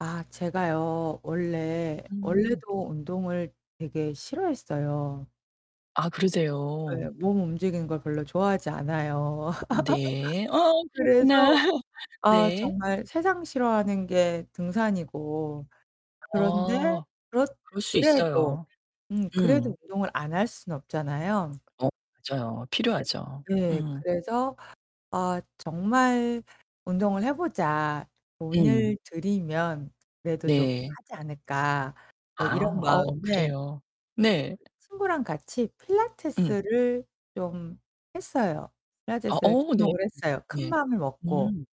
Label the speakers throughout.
Speaker 1: 아 제가요 원래,
Speaker 2: 음.
Speaker 1: 원래도 운동을 되게 싫어했어요.
Speaker 2: 아 그러세요.
Speaker 1: 네. 몸 움직이는 걸 별로 좋아하지 않아요.
Speaker 2: 네. 아
Speaker 1: 그래서
Speaker 2: 그렇구나.
Speaker 1: 아
Speaker 2: 네.
Speaker 1: 정말 세상 싫어하는 게 등산이고 그런데
Speaker 2: 어.
Speaker 1: 그렇
Speaker 2: 그럴 수
Speaker 1: 그래도
Speaker 2: 있어요.
Speaker 1: 음 그래도
Speaker 2: 음.
Speaker 1: 운동을 안 할 수는 없잖아요.
Speaker 2: 어, 맞아요.
Speaker 1: [unintelligible]
Speaker 2: 필요하죠.
Speaker 1: 네,
Speaker 2: 음.
Speaker 1: 그래서 아 정말 운동을 해보자.
Speaker 2: 음.
Speaker 1: 돈을 들이면 그래도 좀
Speaker 2: 네.
Speaker 1: 하지 않을까. 뭐
Speaker 2: 아
Speaker 1: 이런
Speaker 2: 어
Speaker 1: 마음에
Speaker 2: 그래요. 네.
Speaker 1: 친구랑 같이
Speaker 2: 음.
Speaker 1: 필라테스를 좀 했어요.
Speaker 2: 아
Speaker 1: 필라테스를
Speaker 2: 어 네.
Speaker 1: 등록을 했어요. 큰
Speaker 2: 네.
Speaker 1: 마음을 먹고.
Speaker 2: 음.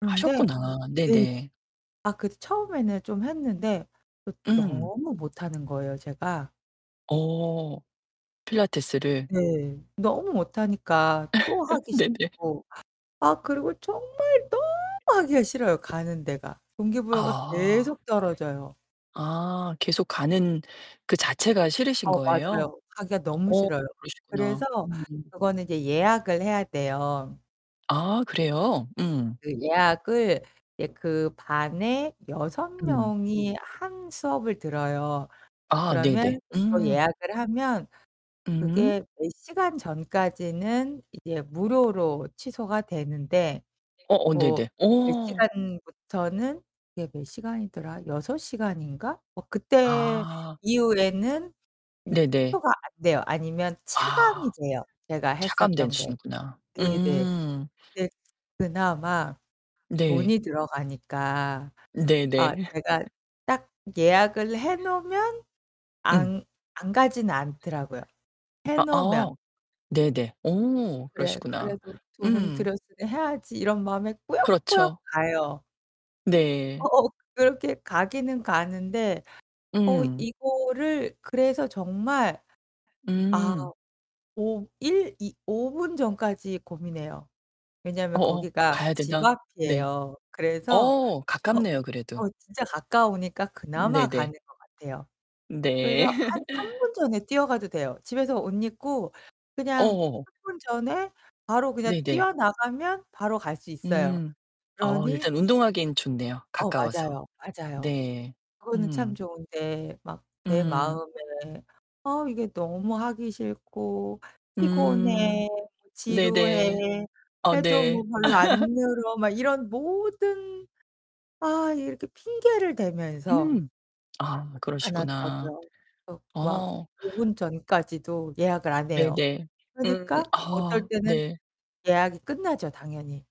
Speaker 1: 그런데
Speaker 2: 하셨구나. 네.
Speaker 1: 네.
Speaker 2: 네.
Speaker 1: 아 그 처음에는 좀 했는데 그
Speaker 2: 응.
Speaker 1: 너무 못하는 거예요 제가.
Speaker 2: 어 필라테스를
Speaker 1: 네. 너무 못하니까 또 하기
Speaker 2: 네, 네.
Speaker 1: 싫고. 아 그리고 정말 너무 하기가 싫어요. 가는 데가. 동기부여가
Speaker 2: 아.
Speaker 1: 계속 떨어져요.
Speaker 2: 아, 계속 가는 그 자체가 싫으신
Speaker 1: 어
Speaker 2: 거예요?
Speaker 1: 맞아요. 가기가 너무
Speaker 2: 어,
Speaker 1: 싫어요. 그래서
Speaker 2: 그러시구나. 음음.
Speaker 1: 그거는 이제 예약을 해야 돼요.
Speaker 2: 아 그래요? 음.
Speaker 1: 그 예약을 이제 그 반에 6
Speaker 2: 음.
Speaker 1: 명이 한 수업을 들어요.
Speaker 2: 아,
Speaker 1: 그러면
Speaker 2: 네네.
Speaker 1: 그거
Speaker 2: 음.
Speaker 1: 예약을 하면
Speaker 2: 음.
Speaker 1: 그게 몇 시간 전까지는 이제 무료로 취소가 되는데
Speaker 2: 어어,
Speaker 1: 뭐
Speaker 2: 네네.
Speaker 1: 몇
Speaker 2: 어.
Speaker 1: 시간부터는 그게 몇 시간이더라? 6 시간인가? 뭐 그때
Speaker 2: 아.
Speaker 1: 이후에는 이제
Speaker 2: 네네.
Speaker 1: 취소가 안 돼요. 아니면 차감이
Speaker 2: 아,
Speaker 1: 돼요. 제가 했었던 거.
Speaker 2: 차감되시는구나.
Speaker 1: 네, 네.
Speaker 2: 음.
Speaker 1: 네 그나마
Speaker 2: 네.
Speaker 1: 돈이 들어가니까
Speaker 2: 네,
Speaker 1: 아
Speaker 2: 네.
Speaker 1: 제가 딱 예약을 해놓으면
Speaker 2: 음.
Speaker 1: 안 안 가진 않더라고요. 해놓으면.
Speaker 2: 아아, 네네. 오,
Speaker 1: 그래
Speaker 2: 그러시구나.
Speaker 1: 그래도 돈은
Speaker 2: 음.
Speaker 1: 드렸으니 해야지 이런 마음이 꾸역꾸역
Speaker 2: 그렇죠.
Speaker 1: 가요.
Speaker 2: 네.
Speaker 1: 어어. 그렇게 가기는 가는데 어
Speaker 2: 음.
Speaker 1: 이거를 그래서 정말 아
Speaker 2: 음.
Speaker 1: 오 일 이 5 분 전까지 고민해요. 왜냐면
Speaker 2: 어 어,
Speaker 1: 거기가
Speaker 2: 가야
Speaker 1: 집
Speaker 2: 된다. 네.
Speaker 1: 앞이에요. 그래서
Speaker 2: 어,
Speaker 1: 어
Speaker 2: 가깝네요. 그래도.
Speaker 1: 어 진짜 가까우니까 그나마
Speaker 2: 네네.
Speaker 1: 가는 것 같아요. 그래서
Speaker 2: 네.
Speaker 1: 한 3 분 전에 뛰어가도 돼요. 집에서 옷 입고 그냥
Speaker 2: 어.
Speaker 1: 3 분 전에 바로 그냥
Speaker 2: 네네.
Speaker 1: 뛰어나가면 바로 갈 수 있어요.
Speaker 2: 음 어
Speaker 1: 그러니
Speaker 2: 일단 운동하기엔 좋네요.
Speaker 1: 어
Speaker 2: 가까워서.
Speaker 1: 맞아요. 맞아요.
Speaker 2: 네.
Speaker 1: 그거는 참
Speaker 2: 음.
Speaker 1: 좋은데 막 내
Speaker 2: 음.
Speaker 1: 마음에 아 이게 너무 하기 싫고
Speaker 2: 음.
Speaker 1: 피곤해,
Speaker 2: 네네.
Speaker 1: 지루해.
Speaker 2: 아
Speaker 1: 해도
Speaker 2: 네.
Speaker 1: 뭐 별로 안 늘어 막 이런 모든. 아 이렇게 핑계를 대면서
Speaker 2: 음 아
Speaker 1: 안
Speaker 2: 그러시구나.
Speaker 1: 하더라고요. 어 막
Speaker 2: 어.
Speaker 1: 5 분 전까지도 예약을 안해요.
Speaker 2: 네네. 음.
Speaker 1: 그러니까 어떨
Speaker 2: 아
Speaker 1: 때는
Speaker 2: 네.
Speaker 1: 예약이 끝나죠, 당연히.